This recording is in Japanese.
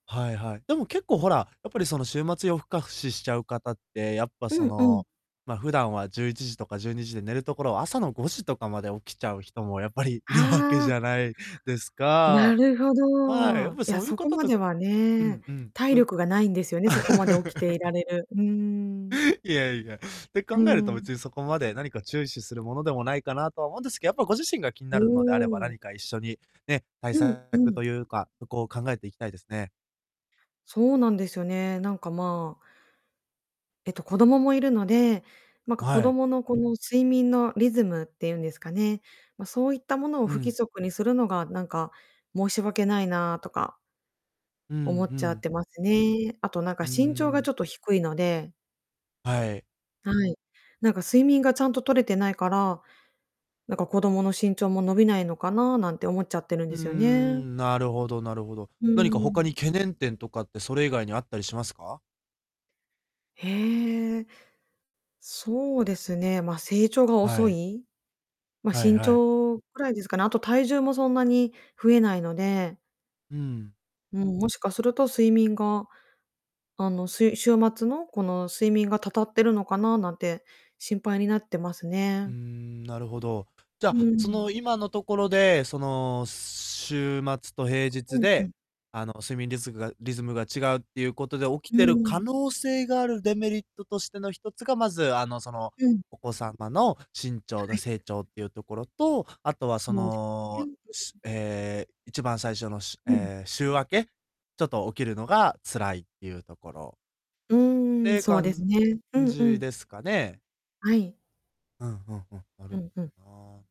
はいはい。でも結構、ほら、やっぱり、その、週末夜更かししちゃう方って、やっぱ、うそんうん。の、ま、普段は11時とか12時で寝るところを、朝の5時とかまで起きちゃう人も、やっぱりいるわけはあ。じゃないですなか？るほはい、やっど。いぱりや、そういうそこ方まとではうね、んうん、体と力がないんですよね、そこま で起きていられる。うーん。いやいや、って考うーえると、ん。別にそこまで何か注視するものでもないかなとは思うんですけど、やっぱご自身が気におなるのであれば、お。何か一緒に、ね、対うんう策とん。いうか、そこを考えていきたいですね。そうなんですよね。なんか、まあえっと、子供もいるので、なんあ、か、子はい。供の、この、睡眠のリズムっていうんですかね、ま、そういったものをう不規ん。則にするのが、なんか、申し訳ないなとかうん思っうちゃっん。てますね。あと、なんか、うー身長がちょん。っと低いのではい。はい。なんか睡眠がちゃんと取れてないから、なんか子供の身長も伸びないのかな、なんて思っちゃってるんうでーすよね。ん、なるほどなるほど。うー何か他ん。に懸念点とかって、それ以外にあったりしますか？へえ。そうですね、まあ、成長がは遅い。い。ま、はい身はい。長ぐらいですかね。あと体重もそんなに増えないのでうん。うーん、もしかすると睡眠があの、すい週末のこの睡眠がたたっているのかな、なんて心配になってますうね。ーん、なるほど。じうゃあ、そん。の、今のところで、その、週末と平う日んうで、ん。あの、睡眠リスグが、リズムが違うっていうことで起うきーてる可ん。能性があるデメリットとしての1つが、まず、あの、その、うん。お子様の身長はのい。成長っていうところと、あとは、そそうです。全の、部し、に。ええ、一番最初のしゅ、うん。ええ、週明けちょっと起きるのが辛いっていうところうっーん、てそうです感ね。うんうじん。ですかね。はい。うんうんうん、なうるほんうん。どな。